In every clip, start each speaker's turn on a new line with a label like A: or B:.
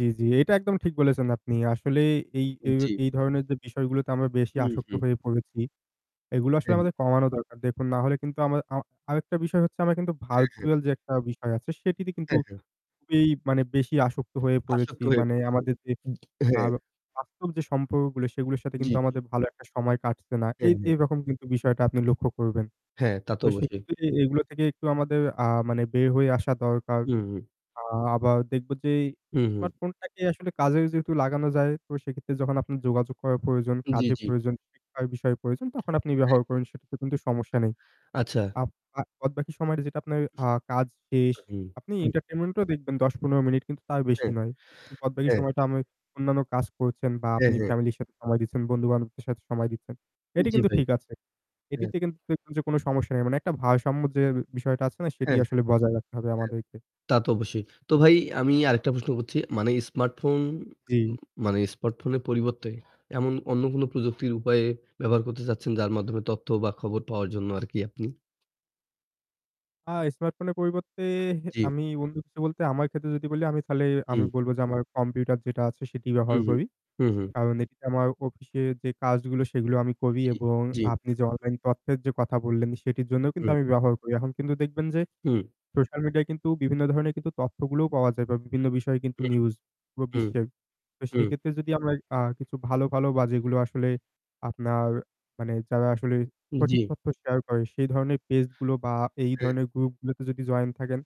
A: জি, জি। এটা একদম ঠিক বলেছেন আপনি। আসলেই এই
B: হু,
A: যে
B: জি।
A: এই ধরনের যে বিষয়গুলোতে আমরা বেশি
B: হু,
A: আসক্ত
B: হু।
A: হয়ে পড়েছি। এগুলো
B: হ্যাঁ,
A: আসলে
B: হ্যাঁ।
A: আমাদের কমানো দরকার। দেখুন না হলে কিন্তু আমাদের আমা আরেকটা বিষয় হচ্ছে আমার কিন্তু
B: হ্যাঁ, হ্যাঁ।
A: ভার্চুয়াল যে একটা বিষয় আছে সেটিতে কিন্তু
B: হ্যাঁ, হ্যাঁ।
A: খুবই মানে বেশি আসক্ত হয়ে
B: আসক্ত
A: পড়েছি।
B: হয়ে
A: মানে
B: পড়েছি।
A: আমাদের যে
B: হ্যাঁ।
A: ভালো বাস্তব যে সম্পর্কগুলো সেগুলোর সাথে
B: জি,
A: কিন্তু
B: জি।
A: আমাদের ভালো একটা সময় কাটছে না। এ
B: হ্যাঁ, হ্যাঁ।
A: এরকম কিন্তু বিষয়টা আপনি লক্ষ্য করবেন।
B: হ্যাঁ, তা তো
A: তো
B: অবশ্যই।
A: সেক্ষেত্রে এগুলো থেকে একটু আমাদের আ মানে বের হয়ে আসা দরকার।
B: হুম, হুম।
A: আ আবার দেখব যে
B: হু, হু।
A: স্মার্টফোন টাকে আসলে কাজে যেহেতু লাগানো যায় তো সেক্ষেত্রে যখন আপনার যোগাযোগ করার প্রয়োজন,
B: জি,
A: কাজে
B: জি।
A: প্রয়োজন, শিক্ষার বিষয়ে প্রয়োজন তখন আপনি
B: [unintelligible]
A: ব্যবহার করুন। সেটাতে কিন্তু সমস্যা নেই।
B: আচ্ছা।
A: আব আ বদবাকি সময়টা যেটা আপনার আ কাজ শেষ।
B: হু,
A: আপনি
B: হুম।
A: এন্টারটেইনমেন্ট ও দেখবেন ১০-১৫ মিনিট কিন্তু তার বেশি
B: হ্যাঁ,
A: নয়। বাদবাকি
B: হ্যাঁ।
A: সময়টা আমি অন্যান্য কাজ করছেন বা
B: হ্যাঁ,
A: আপনি
B: হ্যাঁ।
A: ফ্যামিলির সাথে সময় দিচ্ছেন, বন্ধু-বান্ধবদের সাথে সময় দিচ্ছেন। এটি
B: জি,
A: কিন্তু
B: ভাই।
A: ঠিক আছে।
B: হ্যাঁ।
A: এটিতে কিন্তু দেখবেন কোনো সমস্যা নেই। মানে একটা ভারসাম্য যে বিষয়টা আছে না সেটি
B: হ্যাঁ, হ্যাঁ, হ্যাঁ,
A: আসলে বজায় রাখতে হবে আমাদেরকে।
B: তা তো অবশ্যই। তো ভাই আমি আরেকটা প্রশ্ন করছি, মানে স্মার্টফোন
A: জি।
B: মানে স্মার্টফোনের পরিবর্তে এমন অন্য কোন প্রযুক্তির উপায়ে ব্যবহার করতে চাচ্ছেন যার মাধ্যমে তথ্য বা খবর পাওয়ার জন্য আর কি আপনি
A: আ স্মার্টফোনের পরিবর্তে
B: জি।
A: আমি বন্ধু বলতে আমার ক্ষেত্রে যদি বলি আমি তালে আমি
B: হুম।
A: বলব যে আমার কম্পিউটার যেটা আছে সেটি
B: হু,
A: ব্যবহার
B: হু,
A: করি।
B: হু, হু।
A: কারণ এটি আমার অফিস এ যে কাজগুলো সেগুলো আমি করি
B: জি,
A: এবং
B: জি।
A: আপনি যে অনলাইন তথ্যের যে কথা বললেন সেটির জন্যও কিন্তু
B: হুম।
A: আমি ব্যবহার করি। এখন কিন্তু দেখবেন যে
B: হুম।
A: সোশ্যাল মিডিয়ায় কিন্তু বিভিন্ন ধরনের তথ্যগুলোও পাওয়া যায় বা বিভিন্ন বিষয়ে কিন্তু
B: হু,
A: নিউজ পুরো
B: হুম,
A: বিশ্বের। তো
B: হুম
A: সেক্ষেত্রে যদি আমরা আ কিছু ভালো ভালো বা যেগুলো আসলে আপনার মানে যারা আসলে
B: হু,
A: সঠিক
B: জি।
A: তথ্য শেয়ার করে সেই ধরনের পেজ গুলো বা এই
B: হুম।
A: ধরনের গ্রুপ গুলোতে যদি জয়েন থাকেন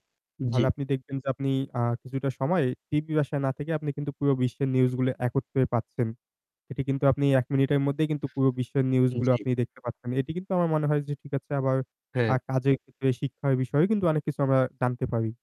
A: তাহলে
B: জি।
A: আপনি দেখবেন যে আপনি আ কিছুটা সময় টিভি ভাষায় না থেকে আপনি কিন্তু পুরো বিশ্বের নিউজ গুলো একত্রে পাচ্ছেন। এটি কিন্তু আপনি ১ মিনিটের মধ্যেই কিন্তু পুরো বিশ্বের নিউজ
B: হু,
A: গুলো
B: জি।
A: আপনি দেখতে পাচ্ছেন। এটি কিন্তু আমার মনে হয় যে ঠিক আছে আবার
B: হ্যাঁ।
A: আ কাজের ক্ষেত্রে শিক্ষার বিষয়েও কিন্তু অনেক কিছু আমরা জানতে পারি।